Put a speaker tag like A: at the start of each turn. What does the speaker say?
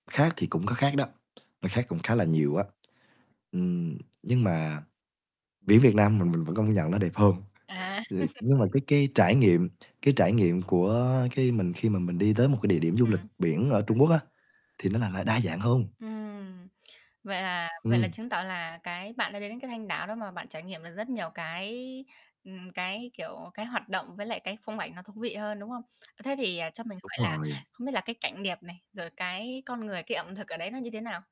A: Khác thì cũng có khác đó, nó khác cũng khá là nhiều á. Ừm. Nhưng mà biển Việt Nam mình mình vẫn công nhận nó đẹp hơn,
B: À.
A: [unintelligible] nhưng mà cái cái trải nghiệm cái trải nghiệm của khi mình khi mà mình đi tới một cái địa điểm du lịch
B: Ừm.
A: biển ở Trung Quốc á, thì nó là là đa dạng hơn.
B: Ừm. Vậy là vậy là
A: Ừm.
B: chứng tỏ là cái bạn đã đến đến cái Thanh Đảo đó mà bạn trải nghiệm được rất nhiều cái, ừm, cái, kiểu, cái hoạt động, với lại cái phong ảnh nó thú vị hơn, đúng không? Ơ, thế thì, à, cho mình
A: Đúng
B: hỏi là
A: rồi.
B: không biết là cái cảnh đẹp này, rồi cái con người, cái ẩm thực ở đấy nó như thế nào?